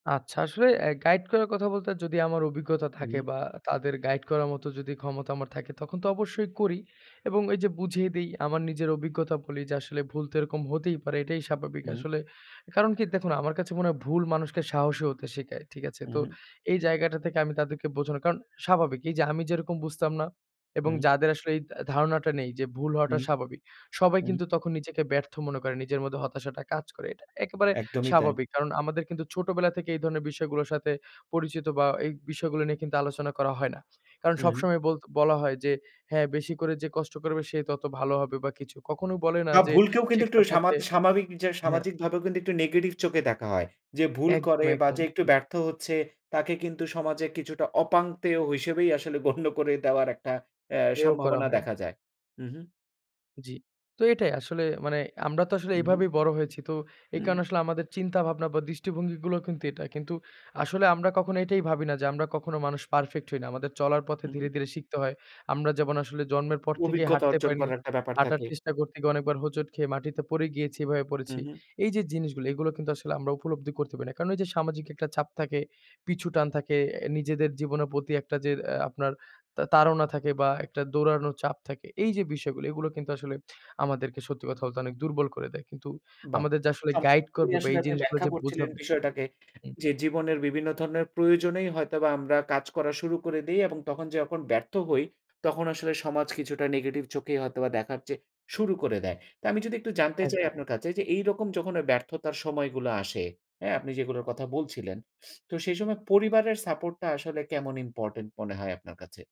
আচ্ছা আসলে অ্যা গাইড করার কথা বলতে যদি আমার অভিজ্ঞতা হুম, থাকে, হুম। বা তাদের গাইড করার মতো যদি ক্ষমতা আমার থাকে তখন তো অবশ্যই করি এবং ওই যে বুঝিয়ে দিই আমার নিজের অভিজ্ঞতা বলি যে, আসলে ভুল তো এরকম হতেই পারে। এটাই স্বাভাবিক উম। আসলে কারণ কি দেখুন আমার কাছে মনে হয় ভুল মানুষকে সাহসী হতে শিখায়। ঠিক আছে? হুম, তো হুম। এই জায়গাটা থেকে আমি তাদেরকে বোঝানো, কারণ স্বাভাবিক। এই যে আমি যেরকম বুঝতাম না এবং উম যাদের আসলে এই তা ধারণাটা নেই যে ভুল হওয়াটা উম, স্বাভাবিক। সবাই উম। কিন্তু তখন নিজেকে ব্যর্থ মনে করে নিজের মধ্যে হতাশাটা কাজ করে। এটা একেবারে একদমই তাই। স্বাভাবিক। কারণ আমাদের কিন্তু ছোটবেলা থেকে এই ধরনের বিষয়গুলার সাথে পরিচিত বা এই বিষয়গুলা নিয়ে কিন্তু আলোচনা করা হয় না। কারণ হুম। সবসময় বল বলা হয়, যে হ্যাঁ বেশি করে যে কষ্ট করবে সে তত ভালো হবে বা কিছু। কখনো বলে না বা যে ভুলকেও কিন্তু একটু শেখার সামা পথে স্বাভাবিক যে হ্যাঁ। সামাজিক ভাবে কিন্তু একটু নেগেটিভ চোখে দেখা হয়। যে ভুল একদম, করে বা যে একদম, একটু জি। ব্যর্থ হচ্ছে তাকে কিন্তু সমাজে কিছুটা অপাংতেয় হিসেবেই আসলে গণ্য করে দেওয়ার একটা এ হেও করা সম্ভাবনা হয়। দেখা যায়। উহু। জ্বি। তো এটাই আসলে মানে আমরা তো আসলে উহু। এভাবেই বড় হয়েছি। তো এই উহু। কারণে আসলে আমাদের চিন্তা ভাবনা বা দৃষ্টিভঙ্গিগুলো কিন্তু এটা। কিন্তু আসলে আমরা কখনো এটাই ভাবি না যে আমরা কখনো মানুষ পারফেক্ট হই না। আমাদের চলার পথে ধীরে, উহু। ধীরে শিখতে হয়। আমরা যেমন আসলে জন্মের পর থেকেই অভিজ্ঞতা হাঁটতে অর্জন পারিনি। করার একটা ব্যাপার হাঁটার থাকে। চেষ্টা করতে গিয়ে অনেকবার হোঁচট খেয়ে মাটিতে পড়ে গিয়েছি এভাবে করেছি। উহু। এই যে জিনিসগুলি এগুলো কিন্তু আসলে আমরা উপলব্ধি করতে পারি না। কারণ এই যে সামাজিক একটা চাপ থাকে, পিছুটান থাকে, অ্যা নিজেদের জীবনের প্রতি একটা যের আ আপনার তা তাড়না থাকে বা একটা দৌড়ানোর চাপ থাকে। এই যে বিষয় গুলি এইগুলো কিন্তু আসলে আমাদেরকে সত্যি কথা বলতে অনেক দুর্বল করে দেয়। কিন্তু বাহ! আমাদের যে আসলে গাইড চমৎকারই করবে বা আসলে এই আপনি জিনিসগুলা ব্যাখ্যা যে করছিলেন বোঝাবে বিষয়টাকে হুম। যে জীবনের বিভিন্ন ধরনের প্রয়োজনেই হয়তোবা আমরা কাজ করা শুরু করে দেই, এবং তখন যে যখন ব্যর্থ হই তখন আসলে সমাজ কিছুটা নেগেটিভ চোখেই হয়তোবা দেখার চেয়ে শুরু করে দেয়। তো আমি যদি একটু জানতে চাই একদম। আপনার কাছে, যে এইরকম যখন ব্যর্থতার সময়গুলো আসে হ্যাঁ আপনি যেগুলোর কথা বলছিলেন তো সেই সময় পরিবারের সাপোর্ট টা আসলে কেমন ইম্পোর্টেন্ট মনে হয় আপনার কাছে?